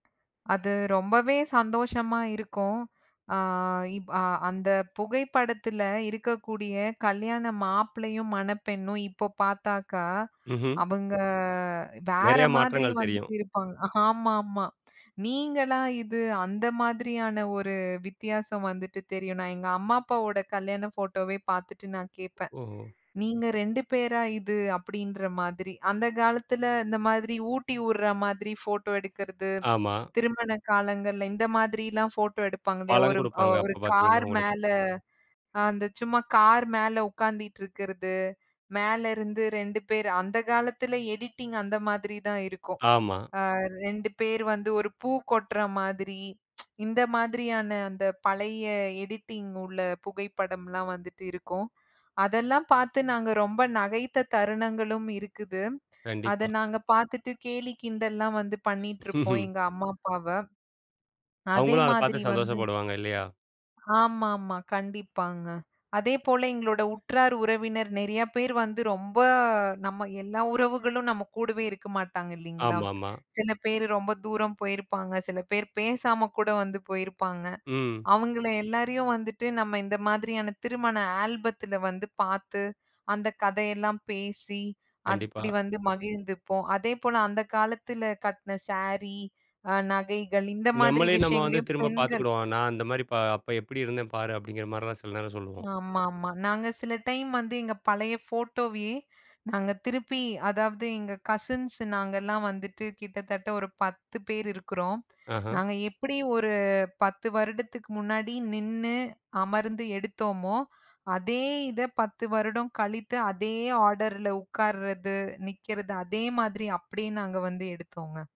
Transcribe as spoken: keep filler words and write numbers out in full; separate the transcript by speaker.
Speaker 1: அது ரொம்பவே சந்தோஷமா இருக்கும். அ இப் அ அந்தப் புகைப்படத்துல இருக்கக்கூடிய கல்யாண மாப்ளையும், மணப்பெண்ணும் இப்போ பாத்தாக்கா,
Speaker 2: ம்ஹ்ம்.
Speaker 1: அவுங்க வேற
Speaker 2: நெறைய
Speaker 1: மாதிரி
Speaker 2: மாற்றங்கள் தெரியும்.
Speaker 1: வந்துட்டு இருப்பாங்க. ஆமாமா. நீங்களா இது? அந்த மாதிரியான ஒரு வித்தியாசம் வந்துட்டு தெரியும். நான் எங்க அம்மா, அப்பாவோட கல்யாண ஃபோட்டோவே பாத்துட்டு நான் கேட்பேன்.
Speaker 2: ஓஹோ.
Speaker 1: "நீங்க ரெண்டு பேரா இது?" அப்டின்ற மாதிரி. அந்தக் காலத்துல இந்த மாதிரி ஊட்டிவுடுற மாதிரி ஃபோட்டோ எடுக்கறது,
Speaker 2: ஆமா.
Speaker 1: திருமண காலங்கள்ல இந்த மாதிரிலாம் ஃபோட்டோ எடுப்பாங்க இல்லயா?
Speaker 2: பழம்
Speaker 1: ஒரு
Speaker 2: குடுப்பாங்க
Speaker 1: ஒரு
Speaker 2: அப்பப்
Speaker 1: கார்
Speaker 2: பாத்தீங்கன்னா உங்களுக்கு.
Speaker 1: மேல அந்தச் சும்மா கார் மேல உக்காந்திட்டு இருக்கறது, மேல இருந்து ரெண்டு பேர் அந்தக் காலத்துல எடிட்டிங் அந்த மாதிரி தான் இருக்கும்.
Speaker 2: ஆமா.
Speaker 1: அ ரெண்டு பேர் வந்து ஒரு பூ கொட்டுற மாதிரி ம்ச் இந்த மாதிரியான அந்தப் பழய எடிட்டிங் உள்ள புகைப்படம்லாம் வந்துட்டு இருக்கும். அதெல்லாம் பாத்து நாங்க ரொம்ப நகைத்த தருணங்களும் இருக்குது. அத
Speaker 2: கண்டிப்பா.
Speaker 1: நாங்க பாத்துட்டு கேலி கிண்டல்லாம் வந்து பண்ணிட்டு இருப்போம்
Speaker 2: ம்ஹ்ம்.
Speaker 1: எங்க அம்மா அப்பாவ. அதே
Speaker 2: அவுங்களும் அதப் பாத்து
Speaker 1: மாதிரி வந்து
Speaker 2: சந்தோஷப்படுவாங்க இல்லயா?
Speaker 1: ஆமாமா, கண்டிப்பாங்க. அதே போல எங்களோட உற்றார், உறவினர் நெறாய பேர் வந்து ரொம்ப நம்ம எல்லா உறவுகளும் நம்ம கூடவே இருக்க மாட்டாங்க இல்லீங்களா?
Speaker 2: ஆமா, ஆமா.
Speaker 1: சில பேர் ரொம்ப தூரம் போயிருப்பாங்க, சில பேர் பேசாம கூட வந்து போயிருப்பாங்க.
Speaker 2: ம்.
Speaker 1: அவங்கள எல்லாரயும் வந்துட்டு நம்ம இந்த மாதிரியான திருமண ஆல்பத்துல வந்து பாத்து, அந்தக் கதயெல்லாம் பேசி, அப்டி
Speaker 2: கண்டிப்பா.
Speaker 1: வந்து மகிழ்ந்துப்போம். அதே போல அந்தக் காலத்துல கட்டுன சாரீ, அ நகைகள் இந்த மாதிரி
Speaker 2: நம்மளே நம்ம வந்து
Speaker 1: விஷயங்களயும்
Speaker 2: திரும்பப்
Speaker 1: பெண்கள்
Speaker 2: பாத்துக்கிடுவோம். நான் அந்த மாரி பா அப்ப எப்டி இருந்தேன் பாரு அப்டிங்கிற மாரெல்லாம் சில நேரம் சொல்லுவோம்.
Speaker 1: ஆமாமா. நாங்க சில டைம் வந்து எங்க பழைய ஃபோட்டோவயே நாங்க திருப்பி, அதாவது எங்க கசின்ஸ் நாங்கல்லாம் வந்துட்டு கிட்டத்தட்ட ஒரு பத்து பேர் இருக்குறோம்.
Speaker 2: அஹான்.
Speaker 1: நாங்க எப்டி ஒரு பத்து வருடத்துக்கு முன்னாடி நின்னு அமர்ந்து எடுத்தோமோ, அதே இதப் பத்து வருடம் கழித்து அதே ஆடர்ல உக்கார்றது, நிக்கறது அதே மாதிரி அப்டியே நாங்க வந்து எடுத்தோங்க.